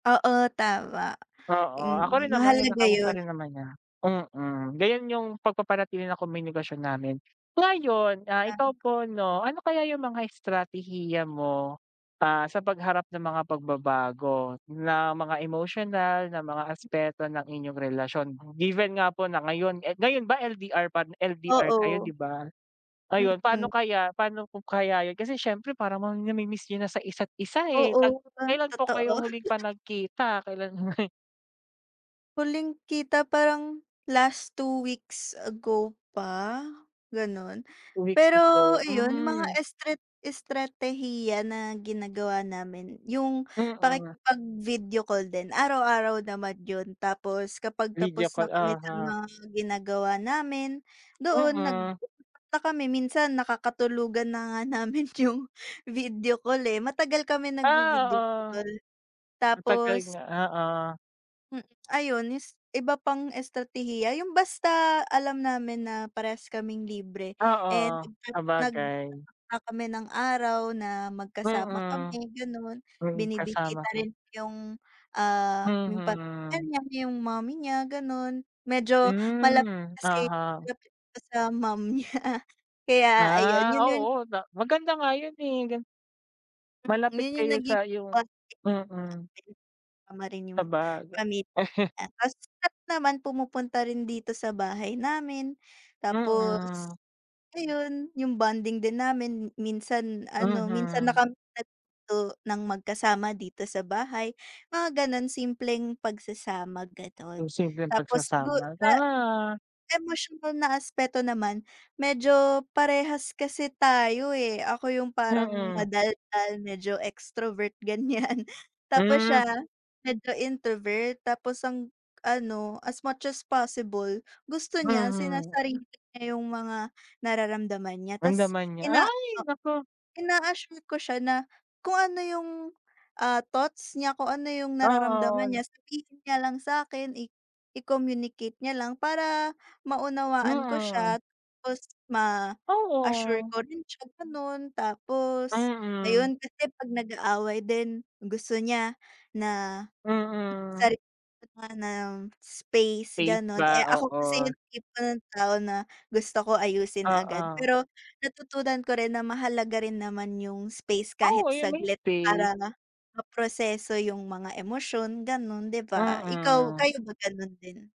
Oo, tama, Oo, ako rin mm, naman mahalaga kinakamusta yun. rin naman niya, mm, ganun yung pagpapanatili ng komunikasyon namin. Ngayon, ah, ikaw po 'no ano kaya yung mga estratehiya mo, ah, sa pagharap ng mga pagbabago na mga emotional na mga aspeto ng inyong relasyon, given nga po na ngayon, eh, ngayon ba LDR pad LDR kayo 'di Oo. ba? Ayun pano kaya pano po kaya yun kasi syempre parang ma namimiss yun na sa isa't isa eh tag Oo, di ba, kailan po totoo. kayo huling pa nagkita, kailan? Huling kita parang last 2 weeks ago pa ganun, 2 weeks pero ago, iyon mga hmm. estrat estratehiya na ginagawa namin yung Mhm. pakikipag-video call din araw-araw naman yun tapos kapag Video tapos call, na kami sa oo. mga ginagawa namin doon nag Mhm. [unintelligible] na kami minsan nakakatulugan na nga namin yung video call, eh, matagal kami Ah, nagvi-video oo. call Matagal tapos nga, oo. Hmm, ayun es iba pang estratehiya yung basta alam namin na parehas kaming libre, eh, Oo. nagta nagtatakda Sabagay. kami ng araw na magkasama Mhm. kami gano'n. May Binibisita kasama ka. rin yung, ah, yung pamilya Mhm. niya, yung mommy niya gano'n medyo malapit Hmm, kasi oo. na malapit sa mom niya kaya ayun Ah, yun yun oo, da maganda nga yun, eh, gan Mm, Malapit yun yung kayo nagiging sa yung bonding mm. namin, kasama rin yung Sabaga pamilya niya tas naman pumupunta rin dito sa bahay namin, tapos Mhm. ayun yung bonding din namin minsan ano, minsan na Mhm. kami natulog dito ng magkasama dito sa bahay, mga ganon simpleng pagsasama ganon Yung simpleng tapos du pagsasama, sa tara. emosyonal na aspeto naman medyo parehas kasi tayo, eh, ako yung parang Mm. madaldal medyo extrovert ganyan tapos Hmm. siya medyo introvert tapos ang ano, as much as possible gusto niya Mhm. sinasarili niya yung mga nararamdaman niya tas Ramdaman niya, ina ay oo naku. ina-assure ko siya na kung ano yung, ah, thoughts niya, kung ano yung nararamdaman Oo. niya sabihin niya lang sakin i i-communicate niya lang para maunawaan ko Mm. siya tapos ma-assure Oo. ko rin siya ganun, tapos Mm. ayun kasi pag nag-aaway din gusto niya na, Mm. sarili nga ng space Faith ganun, ba, eh, ako kasi oo. yung tipo ng tao na gusto ko ayusin agad Oo. pero natutunan ko rin na mahalaga rin naman yung space Oh, kahit ayun may saglit space. para maproseso yung mga emosyon ganun, 'di ba, ikaw, Mm. kayo ba ganun din?